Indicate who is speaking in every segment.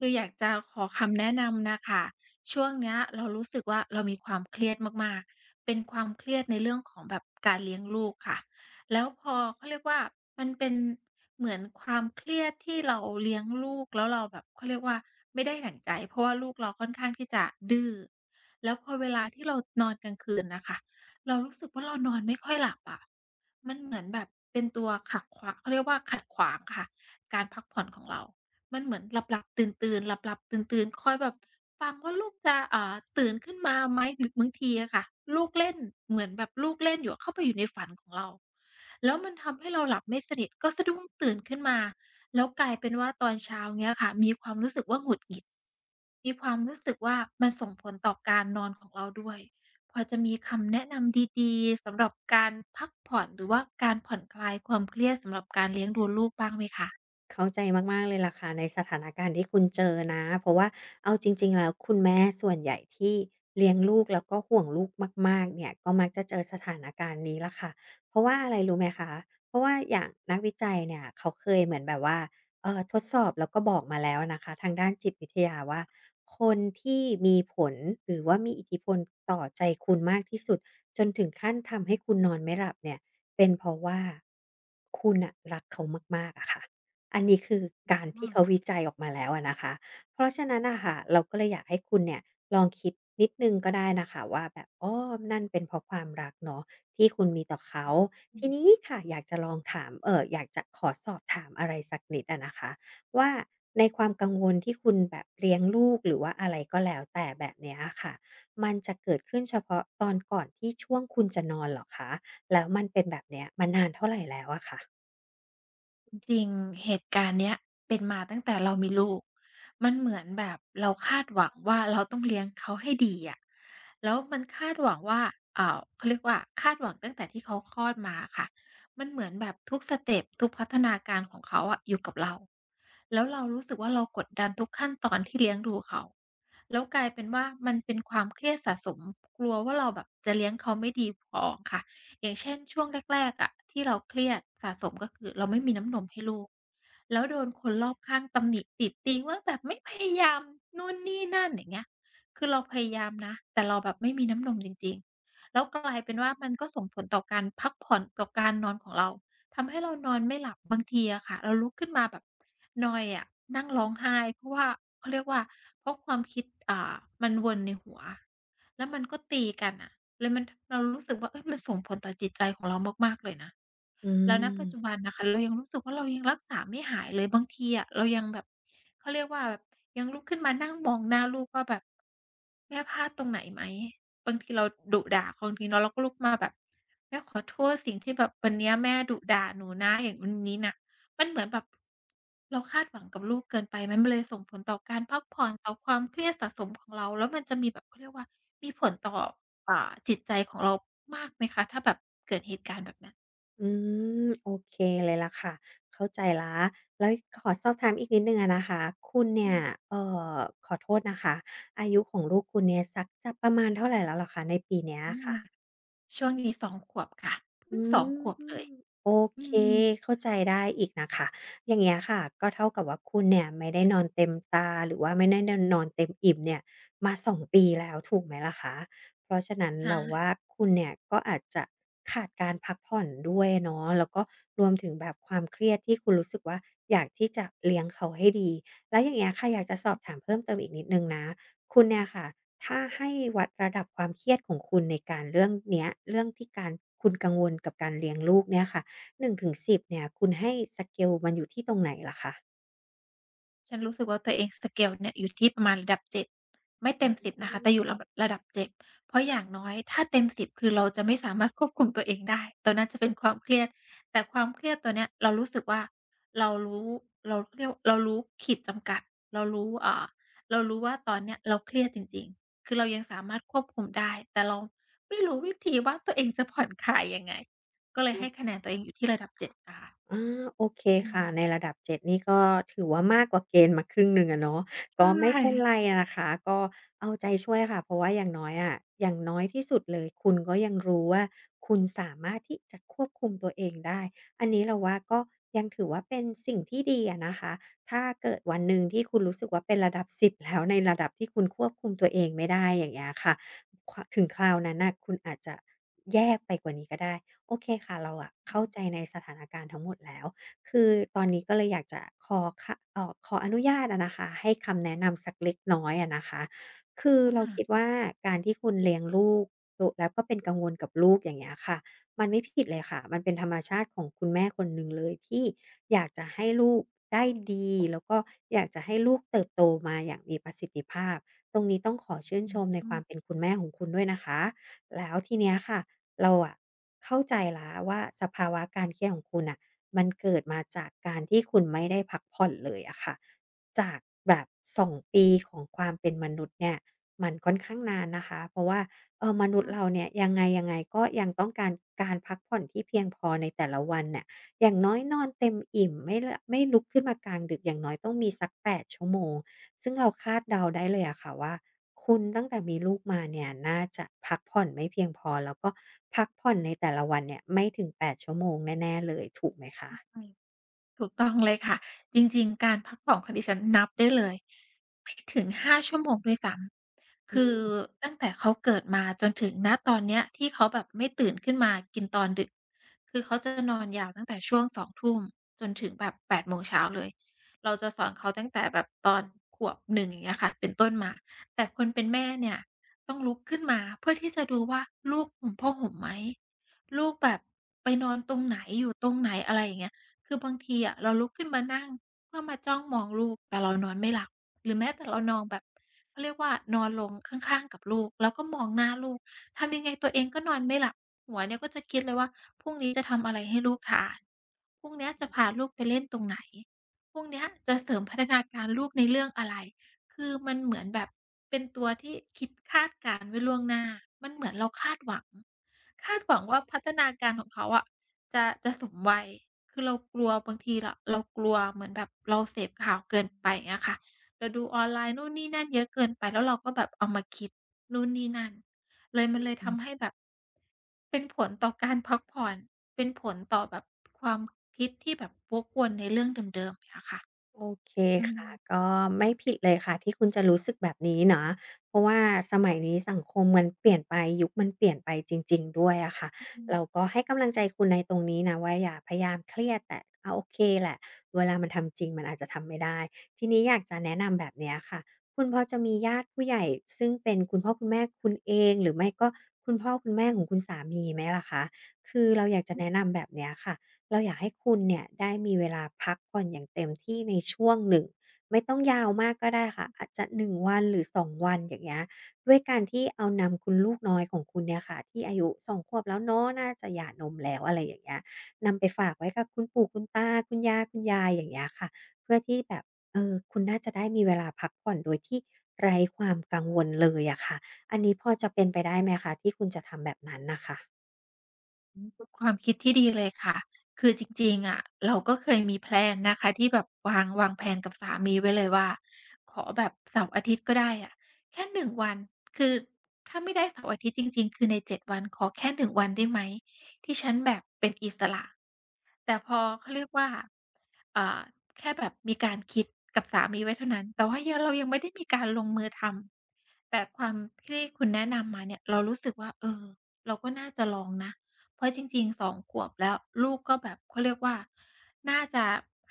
Speaker 1: คืออยากจะขอคำแนะนำน่ะค่ะ ช่วงเนี้ยเรารู้สึกว่า เรามีความเครียดมาก ๆ เป็นความเครียดในเรื่องของแบบการเลี้ยงลูกค่ะ แล้วพอ เขาเรียกว่า มันเป็นเหมือนความเครียดที่เราเลี้ยงลูกแล้วเราแบบ เขาเรียกว่าไม่ได้ดั่งใจ เพราะว่าลูกเราค่อนข้างที่จะดื้อ แล้วพอเวลาที่เรานอนกลางคืนน่ะค่ะ เรารู้สึกว่า เรานอนไม่ค่อยหลับอะ มันเหมือนแบบเป็นตัวขักขวะ เขาเรียกว่าขัดขวางค่ะ การพักผ่อนของเรา มันเหมือนหลับ ๆ ตื่น ๆ หลับ ๆ ตื่น ๆ คอยแบบ ฟังว่าลูกจะ เอ่อ ตื่นขึ้นมาไหม? หรือบางทีอะคะ ลูกเล่น เหมือนแบบลูกเล่นอยู่อะ เข้าไปอยู่ในฝันของเรา แล้วมันทำให้เราหลับไม่สนิท ก็สะดุ้งตื่นขึ้นมาแล้วกลายเป็นว่า ตอนเช้าเงี้ยค่ะมีความรู้สึกว่า หงุดหงิด มีความรู้สึกว่า มันส่งผลต่อการนอนของเราด้วย พอจะมีคำแนะนำดี ๆ สำหรับการพักผ่อน หรือว่าการผ่อนคลายความเครียดสำหรับการเลี้ยงดูลูกบ้างไหมคะ?
Speaker 2: เข้าใจมาก ๆ เลยล่ะค่ะ ในสถานการณ์ที่คุณเจอนะ เพราะว่าเอาจริง ๆ แล้วคุณแม่ส่วนใหญ่ที่เลี้ยงลูกแล้วก็ห่วงลูกมาก ๆ เนี่ย ก็มักจะเจอสถานการณ์นี้แหละค่ะ เพราะว่าอะไรรู้ไหมคะ? เพราะว่าอย่างนักวิจัยเนี่ยเขาเคยเหมือนแบบว่า เอ่อ ทดสอบแล้วก็บอกมาแล้วนะคะ ทางด้านจิตวิทยาว
Speaker 1: ค
Speaker 2: ่
Speaker 1: ่
Speaker 2: า
Speaker 1: ะ
Speaker 2: คนที่มีผล หรือว่ามีอิทธิพลต่อใจคุณมากที่สุดจนถึงขั้นทำให้คุณนอนไม่หลับเนี่ย เป็นเพราะว่าคุณน่ะรักเขามาก ๆ อะคะ อันนี้ คือ
Speaker 1: อื
Speaker 2: ก
Speaker 1: ม
Speaker 2: าร
Speaker 1: อ
Speaker 2: ที
Speaker 1: ้
Speaker 2: ่เข
Speaker 1: อ
Speaker 2: าวิจัยออกมาแล้วอะนะคะ เพราะฉะนั้นน่ะค่ะ เราก็เลยอยากให้คุณเนี่ย ลองคิดนิดหนึ่งก็ได้นะคะว่าแบบ อ้อ นั่นเป็นเพราะความรักเนาะ ที่คุณมีต่อเขา
Speaker 1: อื
Speaker 2: ท
Speaker 1: อ
Speaker 2: ี
Speaker 1: ฮึ
Speaker 2: นี้ค่ะอยากจะลองถาม เอ่อ อยากจะขอสอบถามอะไรสักนิดอะนะคะว่า ในความกังวลที่คุณแบบเลี้ยงลูก หรือว่าอะไรก็แล้วแต่แบบนี้อะค่ะ มันจะเกิดขึ้นเฉพาะตอนก่อนที่ช่วงคุณจะนอนเหรอคะ? แล้วมันเป็นแบบเนี้ยมานานเท่าไรแล้วอะคะ?
Speaker 1: อือ จริง เหตุการณ์เนี้ยเป็นมาตั้งแต่เรามีลูก มันเหมือนแบบเราคาดหวังว่า เราต้องเลี้ยงเขาให้ดีอะ แล้วมันคาดหวังว่า อ่า เขาเรียกว่า คาดหวังตั้งแต่ที่เขาคลอดมาอะคะ มันเหมือนแบบทุกสเต็ป ทุกพัฒนาการของเขาอะอยู่กับเรา แล้วเรารู้สึกว่า เรากดดันทุกขั้นตอนที่เลี้ยงดูเขา แล้วกลายเป็นว่า มันเป็นความเครียดสะสม กลัวว่า เราแบบจะเลี้ยงเขาไม่ดีพอค่ะ อย่างเช่น ช่วงแรก ๆ อะ ที่เราเครียดสะสม ก็คือเราไม่มีน้ำนมให้ลูก แล้วโดนคนรอบข้างตำหนิติติงว่าแบบ "ไม่พยายาม นู่นนี่นั่น" อย่างเงี้ย คือเราพยายามนะ แต่เราแบบไม่มีน้ำนมจริง ๆ แล้วก็กลายเป็นว่า มันก็ส่งผลต่อการพักผ่อนต่อการนอนของเรา ทำให้เรานอนไม่หลับ บางทีอะคะเราลุกขึ้นมาแบบ นอยอะ นั่งร้องไห้ เพราะว่า เขาเรียกว่า เพราะความคิด อ่า มันวนในหัว แล้วมันก็ตีกันน่ะ แล้วมัน ท เรารู้สึกว่า เฮ่ย มันส่งผลต่อจิตใจของเรามาก ๆ เลยนะ
Speaker 2: อื
Speaker 1: แล้ว ณ ปัจจ
Speaker 2: ม
Speaker 1: ุบันน่ะค่ะ เรายังรู้สึกว่า เรายังรักษาไม่หายเลย บางทีอะเรายังแบบ เขาเรียกว่าแบบ ยังลุกขึ้นมานั่งมองหน้าลูกว่าแบบ "แม่พลาดตรงไหนไหม?" บางทีเราดุด่าคนทีเนาะ เราก็ลุกมาแบบ "แม่ขอโทษสิ่งที่แบบวันเนี้ยแม่ดุด่าหนูนะ อย่างนู้นนี้นะ" มันเหมือนแบบ เราคาดหวังกับลูกเกินไปไหม? มันเลยส่งผลต่อการพักผ่อน ต่อความเครียดสะสมของเรา แล้วมันจะมีแบบ เขาเรียกว่า มีผลต่อ อ่า จิตใจของเรามากไหมคะ ถ้าแบบเกิดเหตุการณ์แบบนั้น?
Speaker 2: อืม โอเคเลยล่ะค่ะ เข้าใจแล้ว แล้วขอสอบถามอีกนิดหนึ่งอะนะคะ คุณเนี
Speaker 1: อื
Speaker 2: ่ย
Speaker 1: ม
Speaker 2: เอ่อ ขอโทษนะคะ อายุของลูกคุณเนี่ยสักจะประมาณเท่าไรแล้วเหรอคะ ในปีนี้
Speaker 1: อื
Speaker 2: อะ
Speaker 1: ม
Speaker 2: ค่ะ?
Speaker 1: ช่วงนี้ 2 ขวบค่ะ เพ
Speaker 2: อ
Speaker 1: ิ่
Speaker 2: ื
Speaker 1: ง 2
Speaker 2: ม
Speaker 1: ขวบเลย
Speaker 2: โอ
Speaker 1: อื
Speaker 2: เค
Speaker 1: ม
Speaker 2: เข้าใจได้อีกนะคะ อย่างเงี้ยค่ะ ก็เท่ากับว่า คุณเนี่ยไม่ได้นอนเต็มตา หรือว่าไม่ได้ น นอนเต็มอิ่มเนี่ย มา 2 ปีแล้ว ถูกไหมล่ะคะ เพราะฉะนั้น
Speaker 1: ใช
Speaker 2: เราว
Speaker 1: ่
Speaker 2: ่าคุณเนี่ย ก็อาจจะขาดการพักผ่อนด้วยเนาะ แล้วก็รวมถึงแบบความเครียดที่คุณรู้สึกว่า อยากที่จะเลี้ยงเขาให้ดี แล้วอย่างเงี้ยค่ะ อยากจะสอ
Speaker 1: อ
Speaker 2: บ
Speaker 1: ืม
Speaker 2: ถามเพิ่มเติมอีกนิดหนึ่งนะ คุณเนี่ยค่ะ ถ้าให้วัดระดับความเครียดของคุณในการเรื่องเนี้ย เรื่องที่การ คุณกังวลกับการเลี้ยงลูกเนี่ยค่ะ 1 ถึง 10 เนี่ย คุณให้ สเกล มันอยู่ที่ตรงไหนเหรอคะ?
Speaker 1: ฉันรู้สึกว่า ตัวเอง สเกล เนี่ย อยู่ที่ประมาณระดับ 7 ไม่เ
Speaker 2: อ
Speaker 1: ต
Speaker 2: ื
Speaker 1: ็ม 10 นะคะ แต
Speaker 2: ม
Speaker 1: ่อยู่ระ ด ระดับ 7 เพราะอย่างน้อยถ้าเต็ม 10 คือเราจะไม่สามารถควบคุมตัวเองได้ ตอนนั้นจะเป็นความเครียด แต่ความเครียดตัวเนี้ย เรารู้สึกว่า เรารู้ เรา เขาเรียก ว เรารู้ขีดจำกัด เรารู้ อ่า เรารู้ว่า ตอนเนี้ยเราเครียดจริง ๆ คือเรายังสามารถควบคุมได้ แต่เราไม่รู้วิธีว่า ตัวเองจะผ่อนคลายยังไง ก็เล
Speaker 2: เ
Speaker 1: ย
Speaker 2: น
Speaker 1: ใ
Speaker 2: า
Speaker 1: ห้
Speaker 2: ะ
Speaker 1: คะแนนตัวเองอยู่ที่ระดับ 7 อะค่ะ
Speaker 2: อา โอเค
Speaker 1: อ
Speaker 2: ค่ะ
Speaker 1: ืม
Speaker 2: ในระดับ 7 นี่ ก็ถือว่ามากกว่าเกณฑ์มาครึ่งหนึ่งอะเนาะ
Speaker 1: ใ
Speaker 2: ก็ไม่เป็น
Speaker 1: ช่
Speaker 2: ไรนะคะ ก็เอาใจช่วยค่ะ เพราะว่าอย่างน้อยอะ อย่างน้อยที่สุดเลยคุณก็ยังรู้ว่า คุณสามารถที่จะควบคุมตัวเองได้ อันนี้เราว่าก็ยังถือว่า เป็นสิ่งที่ดีอะนะคะ ถ้าเกิดวันหนึ่งที่คุณรู้สึกว่า เป็นระดับ 10 แล้ว ในระดับที่คุณควบคุมตัวเองไม่ได้ อย่างเงี้ยค่ะ ค ถึงคราวนั้นน่ะคุณอาจจะแย่ไปกว่านี้ก็ได้ โอเคค่ะ เราอะ
Speaker 1: อ
Speaker 2: เข้า
Speaker 1: ืม
Speaker 2: ใจในสถานการณ์ทั้งหมดแล้ว คือตอนนี้ก็เลยอยากจะขอ ค เอ่อ ขออนุญาตอะนะคะ ให้คำแนะนำสักเล็กน้อยอะนะคะ คือ
Speaker 1: ว่
Speaker 2: เรา
Speaker 1: า
Speaker 2: คิดว่า การที่คุณเลี้ยงลูก ล แล้วก็เป็นกังวลกับลูก อย่างเงี้ยค่ะ มันไม่ผิดเลยค่ะ มันเป็นธรรมชาติของคุณแม่คนหนึ่งเลย ที่อยากจะให้ลูกได้ดี แล้วก็อยากจะให้ลูกเติบโตมาอย่างมีประสิทธิภาพ ตรงนี้ต้องขอชื่น
Speaker 1: อื
Speaker 2: ช
Speaker 1: ม
Speaker 2: มใน
Speaker 1: อื
Speaker 2: ควา
Speaker 1: อ
Speaker 2: มเป็นคุณแม่ของคุณด้วยนะคะ แล้วทีเนี้ยค่ะ เราอะเข้าใจแล้วว่า สภาวะการเครียดของคุณน่ะ มันเกิดมาจากการที่คุณไม่ได้พักผ่อนเลยอะค่ะ จากแบบ 2 ปีของความเป็นมนุษย์เนี่ย มันค่อนข้างนานนะคะ เพราะว่า เออ มนุ
Speaker 1: ค
Speaker 2: ษย
Speaker 1: ่
Speaker 2: ์เร
Speaker 1: ะ
Speaker 2: าเนี่ย ยังไง ๆ ก็ยังต้องการการพักผ่อนที่เพียงพอในแต่ละวันเนี่ย อย่างน้อยนอนเต็มอิ่ม ไม่หละ ไม่ลุกขึ้นมากลางดึก อย่างน้อยต้องมีสัก 8 ชั่วโมง ซึ่งเราคาดเดาได้เลยอะค่ะว่า คุณตั้งแต่มีลูกมาเนี่ย น่าจะพักผ่อนไม่เพียงพอ แล้วก็พักผ่อนในแต่ละวันเนี่ย ไม่ถึง 8 ชั่วโมงแน่ ๆ เลยถูกไหมคะ?
Speaker 1: เข้าใจ ถูกต้องเลยค่ะ จริง ๆ การพักผ่อนของดิฉันนับได้เลย ไม่ถึง 5 ชั่วโมงด้วยซ้ำ
Speaker 2: อ
Speaker 1: ค
Speaker 2: ื
Speaker 1: ือ
Speaker 2: ม
Speaker 1: ตั้งแต่เขาเกิดมาจนถึง ณ ตอนเนี้ย ที่เขาแบบไม่ตื่นขึ้นมากินตอนดึก คือเขาจะ นอนยาวตั้งแต่ช่วง 20:00 จนถึงแบบ 8 โมงเช้าเลย เราจะสอนเขาตั้งแต่แบบตอน ขวบ 1 อย่างเงี้ยค่ะ เป็นต้นมา แต่คนเป็นแม่เนี่ยต้องลุกขึ้นมา เพื่อที่จะดูว่า ลูกหุ่มผ้าห่มไหม? ลูกแบบไปนอนตรงไหน? อยู่ตรงไหน? อะไรอย่างเงี้ย คือบางทีอะเราลุกขึ้นมานั่ง เพื่อมาจ้องมองลูก แต่เรานอนไม่หลับ หรือแม้แต่เรานอนแบบ เขาเรียกว่า นอนลงข้าง ๆ กับลูก แล้วก็มองหน้าลูก ทำยังไงตัวเองก็นอนไม่หลับ หัวเนี่ยก็จะคิดเลยว่า พรุ่งนี้จะทำอะไรให้ลูกทาน? พรุ่งเนี้ยจ
Speaker 2: อ
Speaker 1: ะ
Speaker 2: ืม
Speaker 1: พาลูกไปเล่นตรงไหน? พรุ่งเนี้ยจะเสริมพัฒนาการลูกในเรื่องอะไร? คือมันเหมือนแบบเป็นตัวที่คิดคาดการณ์ไว้ล่วงหน้า มันเหมือนเราคาดหวัง คาดหวังว่า พัฒนาการของเขาอะ จะ จะสมวัย คือเรากลัวบางที ร เรากลัวเหมือนแบบเราเสพข่าวเกินไป อย่างเงี้ยค่ะ เราดูออนไลน์นู่นนี่นั่นเยอะเกินไป แล้วเราก็แบบเอามาคิดนู่นนี่นั่น เลยมันเลย
Speaker 2: อื
Speaker 1: ท
Speaker 2: ม
Speaker 1: ำให้แบบ เป็นผลต่อการพักผ่อน เป็นผลต่อแบบความคิด ที่แบบวกวนในเรื่องเดิม ๆ อย่างเงี้ยค่ะ
Speaker 2: โอเค
Speaker 1: อื
Speaker 2: ค่ะ
Speaker 1: ม
Speaker 2: ก็ไม่ผิดเลยค่ะที่คุณจะรู้สึกแบบนี้นะ เพราะว่าสมัยนี้สังคมมันเปลี่ยนไป ยุคมันเปลี่ยนไปจริง ๆ ด้วยอะค่ะ
Speaker 1: อ อื
Speaker 2: เรา
Speaker 1: ม
Speaker 2: ก็ให้กำลังใจคุณในตรงนี้นะว่า อย่าพยายามเครียด แต่ อ โอเคแหละ เวลามันทำจริงมันอาจจะทำไม่ได้ ทีนี้อยากจะแนะนำแบบเนี้ยค่ะ คุณพอจะมีญาติผู้ใหญ่ซึ่งเป็นคุณพ่อคุณแม่คุณเอง หรือไม่ก็คุณพ่อคุณแม่ของคุณสามีไหมล่ะคะ? คือเราอยากจะ
Speaker 1: อื
Speaker 2: แ
Speaker 1: ม
Speaker 2: นะนำแบบเนี้ยค่ะ เราอยากให้คุณเนี่ย ได้มีเวลาพักผ่อนอย่างเต็มที่ในช่วงหนึ่ง ไม่ต้องยาวมากก็
Speaker 1: อ
Speaker 2: ได้ค
Speaker 1: อ
Speaker 2: ่
Speaker 1: ื
Speaker 2: ะ
Speaker 1: ม
Speaker 2: อาจจะ 1 วัน หรือ 2 วัน อย่างเงี้ย ด้วยการที่เอานำคุณลูกน้อยของคุณเนี่ยค่ะ ที่อายุ 2 ขวบแล้วเนาะ น่าจะหย่านมแล้ว อะไรอย่างเงี้ย นำไปฝากไว้กับคุณปู่คุณตา คุณยาคุณยาย อย่างเงี้ยค่ะ เพื่อที่แบบ เออ คุณน่าจะได้มีเวลาพักผ่อน โดยที่ไร้ความกังวลเลยอะค่ะ อันนี้พอจะเป็นไปได้ไหมคะ ที่คุณจะทำแบบนั้นน่ะค่ะ?
Speaker 1: อืม ป ความคิดที่ดีเลยค่ะ คือจริง ๆ อะ เราก็เคยมี แพลน นะคะที่แบบวาง วางแผนกับสามีไว้เลยว่า ขอแบบเสาร์ อาทิตย์ ก็ได้อะ แค่ 1 วัน คือถ้าไม่ได้เสาร์อาทิตย์จริง ๆ คือใน 7 วันขอแค่ 1 วันได้ไหมที่ฉันแบบเป็นอิสระ แต่พอ เขาเรียกว่า อ่า แค่แบบมีการคิดกับสามีไว้เท่านั้น แต่ว่ายัง เรายังไม่ได้มีการลงมือทำ แต่ความที่คุณแนะนำมา เนี่ยเรารู้สึกว่า เอ่อ เราก็น่าจะลองนะ เพราะจริง ๆ 2 ขวบแล้ว ลูกก็แบบเขาเรียกว่า น่าจะ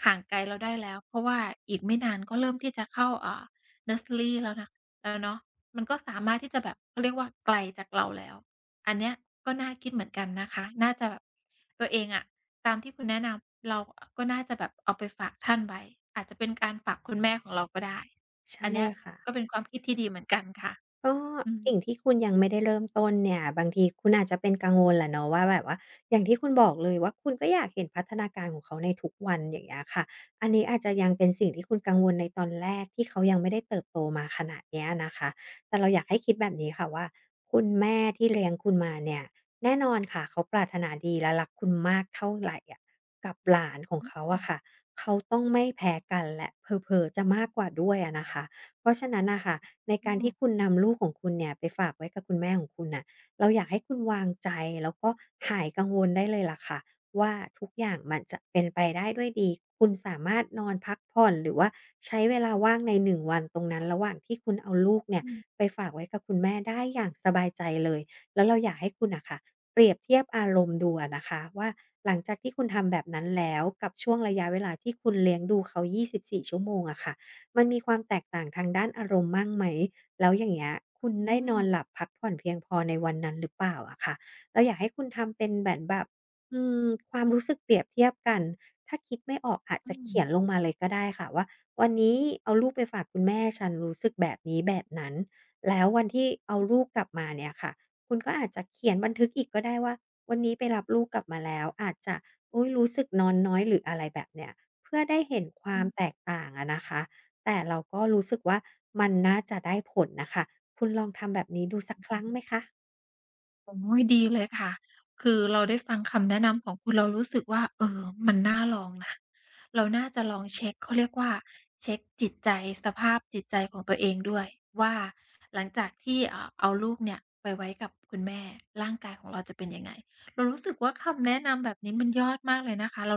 Speaker 1: ห่างไกล เราได้แล้ว เพราะว่าอีกไม่นานก็เริ่มที่จะเข้า อ่า เนิร์สเซอรีแล้วนะ แล้วเนาะ มันก็สามารถที่จะแบบ เขาเรียกว่า ไกลจากเราแล้ว อันเนี้ยก็น่าคิดเหมือนกันนะคะ น่าจะแบบ ตัวเองอะ ตามที่คุณแนะนำ เรา อ ก็น่าจะแบบเอาไปฝากท่านไว้ อาจจะเป็นการฝากคุณแม่ของเราก็ได้
Speaker 2: ใช่
Speaker 1: อันเนี้ย
Speaker 2: ค่ะ
Speaker 1: ก็เป็นความคิดที่ดีเหมือนกันค่ะ
Speaker 2: ก็
Speaker 1: อื
Speaker 2: สิ่
Speaker 1: ม
Speaker 2: งที่คุณยังไม่ได้เริ่มต้นเนี่ย บางทีคุณอาจจะเป็นกังวลแหละเนาะว่า แบบว่าอย่างที่คุณบอกเลยว่า คุณก็อยากเห็นพัฒนาการของเขาในทุกวัน อย่างเงี้ยค่ะ อันนี้อาจจะยังเป็นสิ่งที่คุณกังวลในตอนแรก ที่เขายังไม่ได้เติบโตมาขนาดนี้อะนะคะ แต่เราอยากให้คิดแบบนี้ค่ะว่า คุณแม่ที่เลี้ยงคุณมาเนี่ย แน่นอนค่ะเขาปรารถนาดี และรักคุณมากเท่าไรอะ กับหลานของ
Speaker 1: อื้
Speaker 2: เ
Speaker 1: อ
Speaker 2: ข
Speaker 1: ฮ
Speaker 2: า
Speaker 1: ื
Speaker 2: อ
Speaker 1: อ
Speaker 2: ะคะ เขาต้องไม่แพ้กัน และเผลอ ๆ จะมากกว่าด้วยอะนะคะ เพราะฉะนั้นน่ะค่ะ ในการที
Speaker 1: เออ
Speaker 2: ่คุณนำลูกของคุณเนี่ยไปฝากไว้กับคุณแม่ของคุณน่ะ เราอยากให้คุณวางใจ แล้วก็หายกังวลได้เลยล่ะค่ะว่า ทุกอย่างมันจะเป็นไปได้ด้วยดี คุณสามารถนอนพักผ่อน หรือว่าใช้เวลาว่างใน 1 วันตรงนั้น ระหว่างที่คุณเอาลูกเนี่ย
Speaker 1: อืม
Speaker 2: ไปฝากไว้กับคุณแม่ได้อย่างสบายใจเลย แล้วเราอยากให้คุณน่ะค่ะ เปรียบเทียบอารมณ์ดูอะนะคะว่า หลังจากที่คุณทำแบบนั้นแล้วกับช่วงระยะเวลาที่คุณเลี้ยงดูเขา 24 ชั่วโมงอะคะ มันมีความแตกต่างทางด้านอารมณ์บ้างไหม แล้วอย่างเงี้ย คุณ
Speaker 1: อื
Speaker 2: ได้นอน
Speaker 1: ม
Speaker 2: หลับพักผ่อนเพียงพอในวันนั้นหรือเปล่าอะค่ะ เราอยากให้คุณทำเป็นเหมือน แบบ อืม ความรู้สึกเปรียบเทียบกัน ถ้าคิดไม่ออกอาจ
Speaker 1: อื
Speaker 2: จะเข
Speaker 1: ม
Speaker 2: ียนลงมาเลยก็ได้ค่ะว่า วันนี้เอาลูกไปฝากคุณแม่ฉันรู้สึกแบบนี้แบบนั้น แล้ววันที่เอา
Speaker 1: อืม
Speaker 2: ลูกกลับมาเนี่ยค่ะ คุณก็อาจจะเขียนบันทึกอีกก็ได้ว่า วันนี้ไปรับลูกกลับมาแล้ว อาจจะ อุ๊ย รู้สึกนอนน้อย หรืออะไรแบบเนี่ย เพื่อได้เห็นคว
Speaker 1: อ
Speaker 2: าม
Speaker 1: ืม
Speaker 2: แตกต่างอะนะคะ แต่เราก็รู้สึกว่า มันน่าจะได้ผลน่ะค่ะ คุณลองทำแบบนี้ดูสักครั้งไหมคะ?
Speaker 1: โอ๊ย ดีเลยค่ะ คือเราได้ฟังคำแนะนำของคุณ เรารู้สึกว่า เออ มันน่าลองนะ เราน่าจะลองเช็ก เขาเรียกว่า เช็กจิตใจ สภาพจิตใจของตัวเองด้วยว่า หลังจากที่ เอ่อ เอาลูกเนี่ยไปไว้กับคุณแม่ ร่างกายของเราจะเป็นยังไง เรารู้สึกว่า คำแนะนำแบบนี้มันยอดมากเลยนะคะ เรา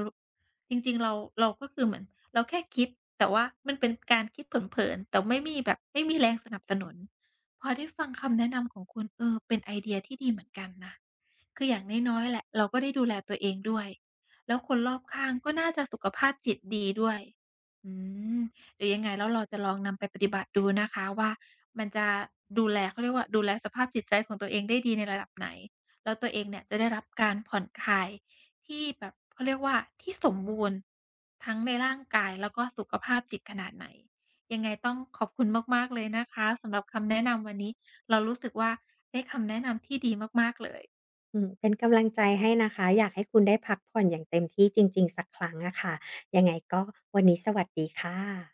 Speaker 1: จริง ๆ เรา เราก็คือเหมือนเราแค่คิด แต่ว่ามันเป็นการคิดเผิน ๆ แต่ไม่มีแบบ ไม่มีแรงสนับสนุน พอได้ฟังคำแนะนำของคุณ เออ เป็นไอเดียที่ดีเหมือนกันนะ คืออย่างน้อย ๆ แหละ เราก็ได้ดูแลตัวเองด้วย แล้วคนรอบข้างก็น่าจะสุขภาพจิตดีด้วย อืม เดี๋ยวยังไงแล้วเราจะลองนำไปปฏิบัติดูนะคะว่า มันจะดูแล เขาเรียกว่า ดูแลสภาพจิตใจของตัวเองได้ดีในระดับไหน แล้วตัวเองเนี่ย จะได้รับการผ่อนคลายที่แบบ เขาเรียกว่า ที่สมบูรณ์ทั้งในร่างกาย แล้วก็สุขภาพจิตขนาดไหน ยังไงต้องขอบคุณมาก ๆ เลยนะคะ สำหรับคำแนะนำวันนี้ เรารู้สึกว่าได้คำแนะนำที่ดีมาก ๆ เลย
Speaker 2: อืม เป็นกำลังใจให้นะคะ อยากให้คุณ ได้พักผ่อนอย่างเต็มที่จริง ๆ สักครั้งอะค่ะ ยังไงก็ วันนี้สวัสดีค่ะ